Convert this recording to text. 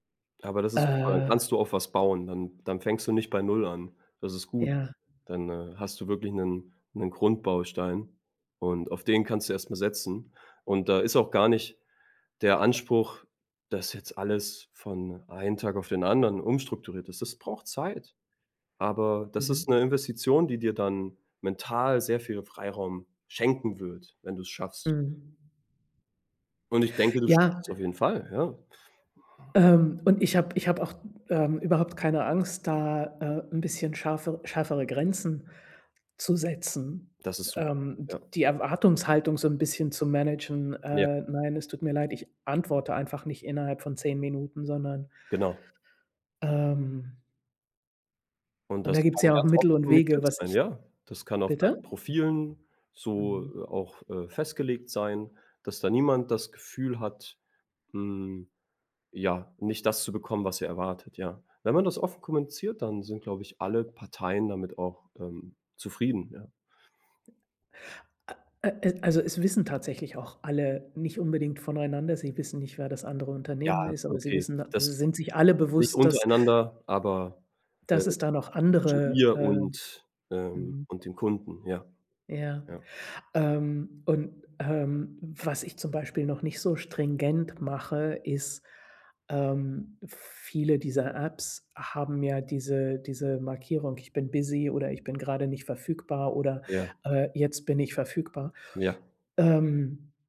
Aber das ist super, dann Äh kannst du auf was bauen. Dann dann fängst du nicht bei Null an. Das ist gut. Ja. Dann, äh, hast du wirklich 'nen 'nen Grundbaustein, und auf den kannst du erst mal setzen. Und da ist auch gar nicht der Anspruch, dass jetzt alles von einen Tag auf den anderen umstrukturiert ist. Das braucht Zeit. Aber das ist Mhm. 'ne Investition, die dir dann mental sehr viel Freiraum schenken wird, wenn du es schaffst. Mhm. Und ich denke, du schaffst Ja es auf jeden Fall, ja. Ähm, und ich habe ich habe auch, ähm, überhaupt keine Angst, da, äh, 'n bisschen scharfer schärfere Grenzen zu setzen, Das ist su ähm, d ja. die Erwartungshaltung so 'n bisschen zu managen: Ja. „Äh, nein, es tut mir leid, ich antworte einfach nicht innerhalb von 10 Minuten, sondern“ Genau. Ähm Und Und das da gibt's kann ja auch ganz Mittel offen und Wege, kommuniziert was sein, ich ja. Das kann auf deinen Bitte? Profilen so, Mhm. äh, auch, äh, festgelegt sein, dass da niemand das Gefühl hat, hm, ja, nicht das zu bekommen, was er erwartet, ja. Wenn man das offen kommuniziert, dann sind, glaube ich, alle Parteien damit auch, ähm, zufrieden, ja. A äh, äh, also es wissen tatsächlich auch alle nicht unbedingt voneinander. Sie wissen nicht, wer das andere Ja, Unternehmen ist, aber sie okay. wissen, da sie Das sind sich alle nicht bewusst, dass untereinander, aber, äh, dass es da noch zwischen andere, dir äh und, ähm Mhm. und dem Kunden, ja. Ja, Ja. ähm, und, ähm, was ich zum Beispiel noch nicht so stringent mache, ist ähm, viele dieser Apps haben ja diese diese Markierung, „Ich bin busy“ oder „Ich bin gerade nicht verfügbar“ oder, Ja. äh, „Jetzt bin ich verfügbar“. Ja. Ähm